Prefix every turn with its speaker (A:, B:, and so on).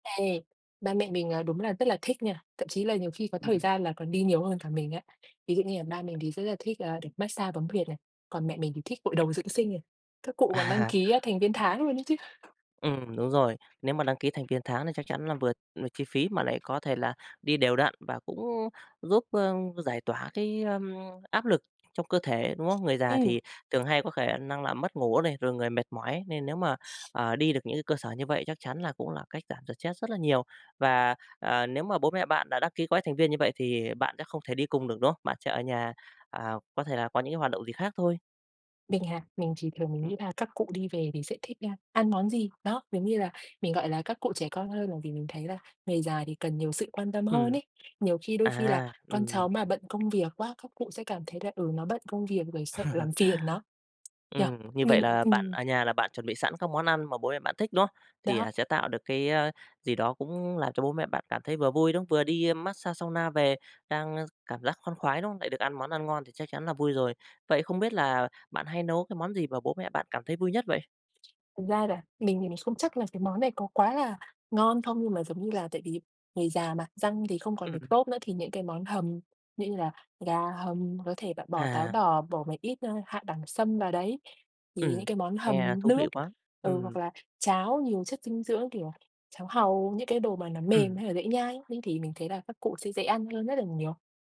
A: Ê, ba mẹ mình, ờ, đúng là rất là thích nha, thậm chí là nhiều khi có thời
B: Ừm.
A: gian là còn đi nhiều hơn cả mình á. Ví dụ như là ba mình thì rất là thích, à, được mát xa bấm huyệt này, còn mẹ mình thì thích gội đầu dưỡng sinh này, các cụ còn đăng
B: À.
A: ký thành viên tháng luôn ấy chứ.
B: Ừm, đúng rồi, nếu mà đăng ký thành viên tháng là chắc chắn là vừa vừa chi phí mà lại có thể là đi đều đặn và cũng giúp, a, giải tỏa cái, a, áp lực trong cơ thể, đúng không? Người già
A: Ừm.
B: thì thường hay có khả năng là mất ngủ này, rồi người mệt mỏi nên nếu mà, ờ, đi được những cái cơ sở như vậy chắc chắn là cũng là cách giảm stress rất là nhiều. Và, ờ, nếu mà bố mẹ bạn đã đăng ký gói thành viên như vậy thì bạn sẽ không thể đi cùng được, đúng không? Bạn sẽ ở nhà, à, có thể là có những cái hoạt động gì khác thôi.
A: Mình hả? Mình chỉ thường mình
B: Ừm.
A: nghĩ là các cụ đi về thì sẽ thích, a, ăn món gì, đó, mình nghĩ là mình, gọi là, các cụ trẻ con hơn bởi vì mình thấy là người già thì cần nhiều sự quan tâm hơn
B: Ừm,
A: ấy. Nhiều khi đôi khi là
B: à,
A: con
B: ừm.
A: cháu mà bận công việc quá, các cụ sẽ cảm thấy là, ừ, nó bận công việc rồi sợ làm phiền nó, nhỉ?
B: Ừm, như vậy
A: Mình
B: là bạn
A: ừm.
B: ở nhà là bạn chuẩn bị sẵn các món ăn mà bố mẹ bạn thích, đúng không? Thì,
A: Đó.
B: à, sẽ tạo được cái, a, gì đó cũng làm cho bố mẹ bạn cảm thấy vừa vui, đúng không, vừa đi mát xa sauna về đang cảm giác khoan khoái, đúng không? Lại được ăn món ăn ngon thì chắc chắn là vui rồi. Vậy không biết là bạn hay nấu cái món gì mà bố mẹ bạn cảm thấy vui nhất vậy?
A: Thật ra là mình thì mình không chắc là cái món này có quá là ngon không, nhưng mà giống như là tại vì người già mà, răng thì không còn được
B: Ừm.
A: tốt nữa, thì những cái món hầm như là gà hầm có thể bạn bỏ táo
B: À.
A: đỏ, bỏ một ít, a, hạ đẳng sâm vào đấy thì những
B: Ừm,
A: cái món
B: nghe
A: hầm
B: thú
A: nước.
B: vị quá!
A: Ừ, hoặc
B: Ừm.
A: là cháo nhiều chất dinh dưỡng, kiểu, cháo hàu, những cái đồ mà nó mềm
B: Ừm.
A: hay nó dễ nhai ấy, nên thì mình thấy là các cụ sẽ dễ ăn hơn rất là nhiều.